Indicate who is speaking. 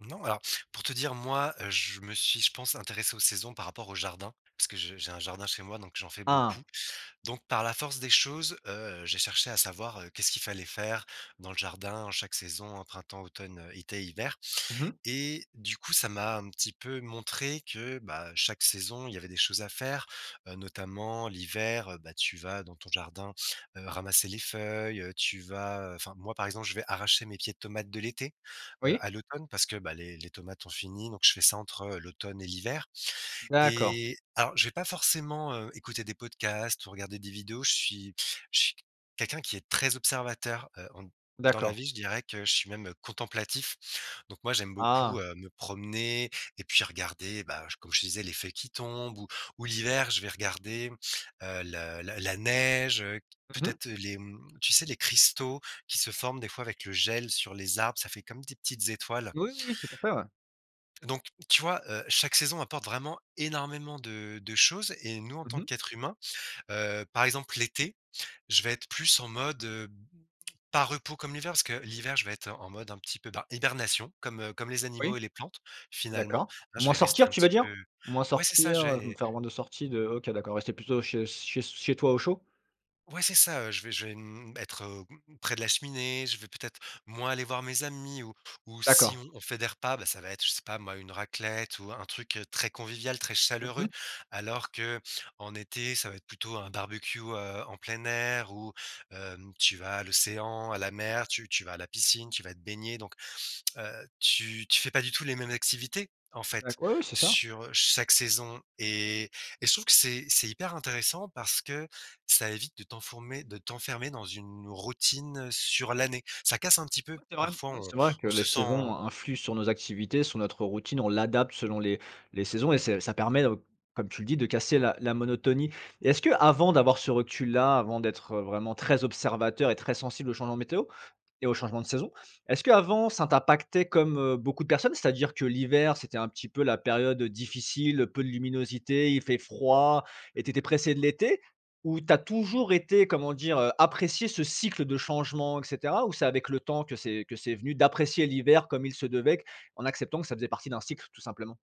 Speaker 1: Non, alors, pour te dire, moi, je me suis, je pense, intéressé aux saisons par rapport au jardin, parce que je j'ai un jardin chez moi donc j'en fais beaucoup.
Speaker 2: Ah!
Speaker 1: Donc, par la force des choses, heu, j'ai cherché à savoir, heu, qu'est-ce qu'il fallait faire dans le jardin en chaque saison, printemps, automne, été, hiver.
Speaker 2: Mmh mh.
Speaker 1: Et du coup, ça m'a un petit peu montré que, bah, chaque saison, il y avait des choses à faire, heu, notamment l'hiver, bah, tu vas dans ton jardin, heu, ramasser les feuilles, heu, tu vas enfin moi, par exemple, je vais arracher mes pieds de tomates de l'été, heu,
Speaker 2: Oui.
Speaker 1: à l'automne parce que, bah, les les tomates ont fini, donc je fais ça entre, heu, l'automne et l'hiver.
Speaker 2: D'accord.
Speaker 1: Et alors, je vais pas forcément, heu, écouter des podcasts ou regarder des vidéos, je suis je suis quelqu'un qui est très observateur, heu, dans la
Speaker 2: D'accord.
Speaker 1: vie, je dirais que je suis même, heu, contemplatif. Donc moi, j'aime beaucoup,
Speaker 2: Ah!
Speaker 1: heu, me promener et puis regarder, bah, comme je te disais les feuilles qui tombent, ou ou l'hiver, je vais regarder, heu, le la la neige, heu,
Speaker 2: Mmh mh.
Speaker 1: peut-être, heu, les mmh, tu sais les cristaux qui se forment des fois avec le gel sur les arbres, ça fait comme des petites étoiles.
Speaker 2: Oui oui, tout à fait, ouais.
Speaker 1: Donc, tu vois, heu, chaque saison apporte vraiment énormément de de choses et nous, en tant
Speaker 2: Mmh mh.
Speaker 1: qu'être humain heu, par exemple l'été, je vais être plus en mode, heu, pas repos comme l'hiver, parce que l'hiver, je vais être en mode un petit peu, bah, hibernation, comme, heu, comme les animaux
Speaker 2: Oui,
Speaker 1: et les plantes, finalement.
Speaker 2: d'accord.
Speaker 1: Ah, je
Speaker 2: Moins
Speaker 1: vais rester
Speaker 2: sortir,
Speaker 1: un
Speaker 2: tu
Speaker 1: petit
Speaker 2: veux dire?
Speaker 1: peu
Speaker 2: Moins
Speaker 1: ouais c'est ça
Speaker 2: sortir,
Speaker 1: je
Speaker 2: heu, je vais me
Speaker 1: vais
Speaker 2: faire moins de sortie de OK d'accord, rester plutôt chez s chez s chez toi au chaud?
Speaker 1: ouais c'est ça, heu, je vais je vais, mmh, être, heu, près de la cheminée, je vais peut-être moins aller voir mes amis ou ou
Speaker 2: D'accord.
Speaker 1: si on fait des repas, bah, ça va être, je sais pas moi, une raclette ou un truc, heu, très convivial, très
Speaker 2: Mmh
Speaker 1: chaleureux,
Speaker 2: mh.
Speaker 1: alors qu'en été, ça va être plutôt un barbecue, heu, en plein air ou, heu, tu vas à l'océan, à la mer, tu tu vas à la piscine, tu vas te baigner. Donc, heu, tu tu fais pas du tout les mêmes activités, en fait,
Speaker 2: D'accord. Oui, oui c'est ça.
Speaker 1: sur, heu, chaque saison et et je trouve que c'est c'est hyper intéressant parce que ça évite de t'enfourmer de t'enfermer dans une routine, heu, sur l'année. Ça casse un petit peu,
Speaker 2: Ouais, c'est vrai,
Speaker 1: parfois
Speaker 2: ouais,
Speaker 1: on
Speaker 2: c'est vrai que
Speaker 1: on
Speaker 2: les
Speaker 1: se
Speaker 2: saisons,
Speaker 1: sent
Speaker 2: heu, influent sur nos activités, sur notre routine, on l'adapte selon les les saisons et c'est ça permet, heu, comme tu le dis de casser la la monotonie. Est-ce qu'avant d'avoir ce recul-là, avant d'être, heu, vraiment très observateur et très sensible aux changements météo et aux changements de saison, est-ce qu'avant ça t'impactait comme, heu, beaucoup de personnes? C'est-à-dire que l'hiver c'était un petit peu la période, heu, difficile, peu de luminosité, il fait froid et tu étais pressé de l'été ou tu as toujours été comment dire, heu, apprécié ce cycle de changement et cetera? Ou c'est avec le temps que c'est que c'est venu, d'apprécier l'hiver comme il se devait q en acceptant que ça faisait partie d'un cycle tout simplement?